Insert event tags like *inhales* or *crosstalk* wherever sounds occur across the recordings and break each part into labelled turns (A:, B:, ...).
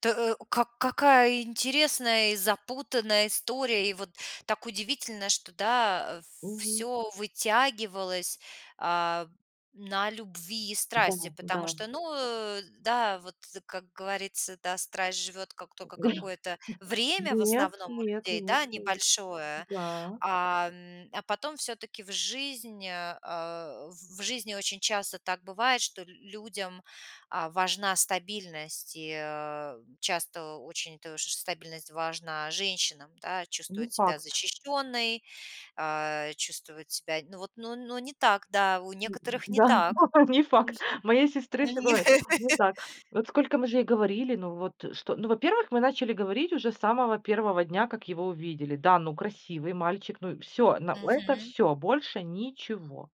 A: Тэ э у как какая интересная и запутанная история. И вот так удивительно, что, да, а,
B: Мгм.
A: всё вытягивалось, а, на любви и
B: Да,
A: страсти. Потому что,
B: да.
A: ну, э, да, вот, как говорится, да, страсть живёт как только какое-то время в
B: Нет
A: основном у
B: нет
A: людей,
B: нет
A: да,
B: нет.
A: небольшое,
B: Так.
A: а, м, а потом всё-таки в жизнь, а а, в в жизни очень часто так бывает, что л людям, а, важна стабильность, и, э, часто очень тож стабильность важна женщинам, да,
B: Не
A: чувствовать себя
B: факт.
A: защищенной, а, чувствовать себя, ну вот, ну, ну, не так, да, у
B: М,
A: некоторых не
B: м-да. Ну
A: так.
B: то есть. Не факт.
A: Мгм.
B: У моей сестры всё
A: Мгм.
B: бывает не
A: *laughs*
B: так. Вот сколько мы же ей говорили, ну вот что? Ну, во-первых, мы начали говорить уже с самого 1 дня, как его увидели. Да, ну красивый мальчик. Ну и всё, но это
A: Мгм.
B: всё, больше ничего.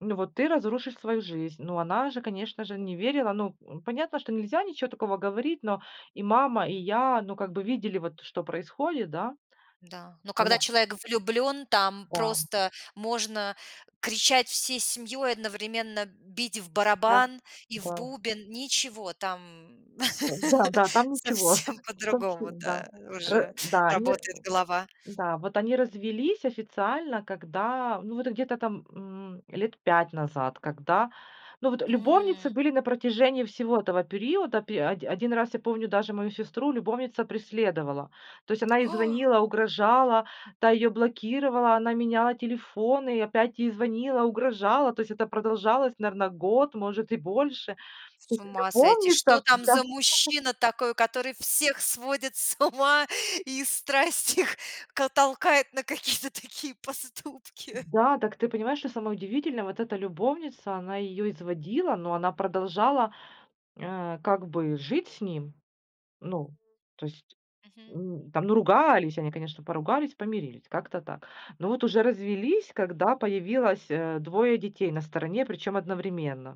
B: Ну вот ты разрушишь свою жизнь. Ну она же, конечно же, не верила. Ну, м, понятно, что нельзя ничего такого говорить, но и мама, и я, ну, как бы видели вот, что происходит, да.
A: Да, но когда
B: Она
A: человек влюблен, там
B: Да, м.
A: просто можно кричать всей семьей, одновременно бить в
B: Да,
A: барабан и в
B: да.
A: бубен. Ничего, там.
B: Ой,
A: *laughs*
B: да, да. Там ничего,
A: Совсем
B: точно
A: по-другому,
B: да,
A: да,
B: э,
A: уже
B: да, они ра
A: работает голова.
B: да, вот они развелись официально, когда, ну вот где-то там, м, 5 лет назад, когда Ну вот, любовницы
A: М.
B: были на протяжении всего этого периода. Пе оди один раз я помню, даже мою сестру любовница преследовала. То есть она ей
A: *inhales*
B: звонила, угрожала, та её блокировала, она меняла телефоны и опять ей звонила, угрожала. То есть это продолжалось, наверно, год, может и больше. То
A: С
B: есть
A: ума сойти! Что
B: любовница
A: там
B: Да.
A: за мужчина такой,
B: *laughs*
A: который всех сводит с ума и страсть их к толкает на какие-то такие поступки?
B: Да, так ты понимаешь, что самое удивительное, вот эта любовница, она ее изводила, но она продолжала, э, как бы жить с ним. Ну то есть,
A: Мгм.
B: м, там, ну, ругались они, конечно, поругались, помирились. Как-то так. Но вот уже развелись, когда появилось, э, 2 детей на стороне, причём одновременно.